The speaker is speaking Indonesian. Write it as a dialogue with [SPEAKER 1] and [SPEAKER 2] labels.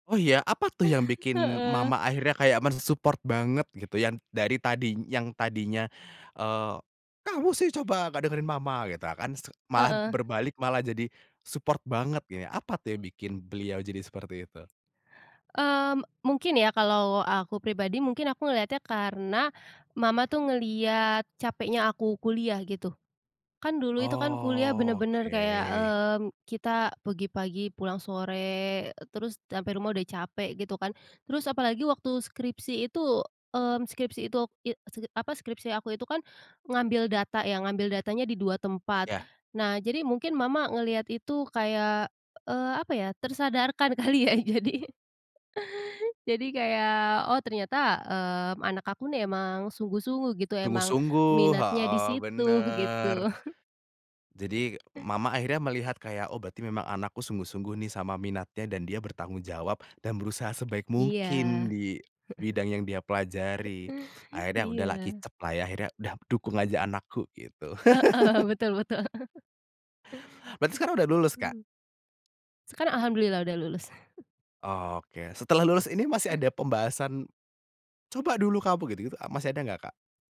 [SPEAKER 1] Oh iya, apa tuh yang bikin
[SPEAKER 2] Heeh.
[SPEAKER 1] mama akhirnya kayak men-support banget gitu, yang dari tadi yang tadinya, eee, "Kamu sih coba, nggak dengerin mama!" gitu kan, s malah
[SPEAKER 2] Heeh.
[SPEAKER 1] berbalik malah jadi support banget ya, apa tuh yang bikin beliau jadi seperti itu?
[SPEAKER 2] Mmm, mungkin ya kalau aku pribadi, mungkin aku ngeliatnya karena, mama tuh ngelihat capeknya aku kuliah, gitu. Kan dulu itu kan kuliah benar-benar kayak,
[SPEAKER 1] Oke.
[SPEAKER 2] eee, kita pergi pagi pulang sore, terus sampai rumah udah capek, gitu kan. Terus apalagi waktu skripsi itu, eee, skripsi itu, i skip e apa, skripsi aku itu kan, ngambil data ya, ngambil datanya di 2 tempat.
[SPEAKER 1] Ya.
[SPEAKER 2] Nah, jadi mungkin mama ngelihat itu kayak, eee, apa ya, tersadarkan kali ya. Jadi jadi kayak, "Oh ternyata, mmm, anak aku nih emang sungguh-sungguh," gitu, "emang
[SPEAKER 1] Sungguh-sungguh,
[SPEAKER 2] minatnya di
[SPEAKER 1] heeh,
[SPEAKER 2] situ,"
[SPEAKER 1] benar.
[SPEAKER 2] gitu.
[SPEAKER 1] Jadi,
[SPEAKER 2] Eh.
[SPEAKER 1] mama akhirnya melihat kayak, "Oh berarti memang anakku sungguh-sungguh nih sama minatnya. Dan dia bertanggung jawab, dan berusaha sebaik mungkin
[SPEAKER 2] Iya.
[SPEAKER 1] di bidang yang dia pelajari." akhirnya udahlah
[SPEAKER 2] Iya.
[SPEAKER 1] kicep lah ya, akhirnya udah, "dukung aja anakku" gitu.
[SPEAKER 2] Heeh, betul betul.
[SPEAKER 1] Berarti sekarang udah lulus Kak?
[SPEAKER 2] Mmm. Sekarang Alhamdulillah udah lulus.
[SPEAKER 1] Oke, setelah lulus ini masih ada pembahasan, "Coba dulu kamu" gitu-gitu, masih ada nggak Kak?